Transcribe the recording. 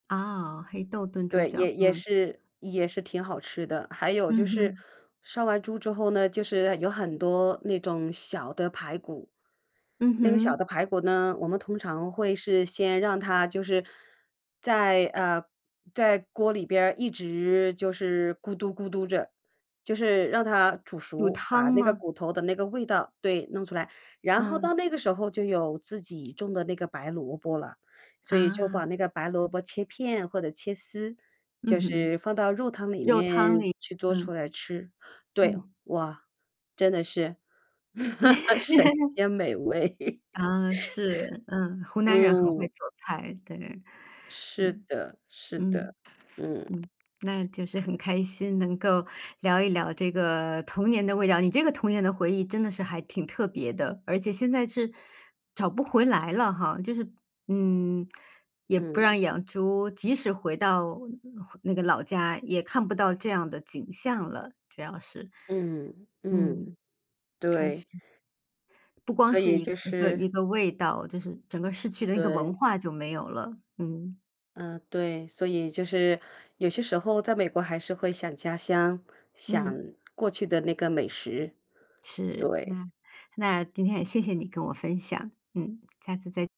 啊，黑豆炖猪对，也脚，也嗯。是也是挺好吃的。还有就嗯是哼。杀完猪之后呢，就是有很多那种小的排骨。嗯那个小哼。的排骨呢，我们通常会是先让它就是在，呃，在锅里边儿一直就是咕嘟咕嘟着，就是让它煮有熟，把汤那个吗？骨头的那个味道对，弄出来。然后到嗯。那个时候就有自己种的那个白萝卜了，所以就啊。把那个白萝卜切片或者切丝，就嗯哼。是放到肉汤里肉汤面里，去做嗯。出来吃。对，嗯。哇，真的是 神 仙美味。啊，是，嗯，湖 南人很会嗯。做菜，对。是嗯，的，是的，嗯，嗯。嗯，那就是很开心能够聊一聊这个童年的味道，你这个童年的回忆真的是还挺特别的，而且现在是找不回来了哈，就是，嗯，也不嗯。让养猪，即使回到那个老家也看不到这样的景象了，主要是。嗯，嗯，嗯，开对。心。不光所是以一就个是一个味道，就是整个市区的那个文对。化就没有了，嗯。嗯，对，所以就是有些时候在美国还是会想家乡，想嗯。过去的那个美食。是，对。那那今天也谢谢你跟我分享。嗯，下次再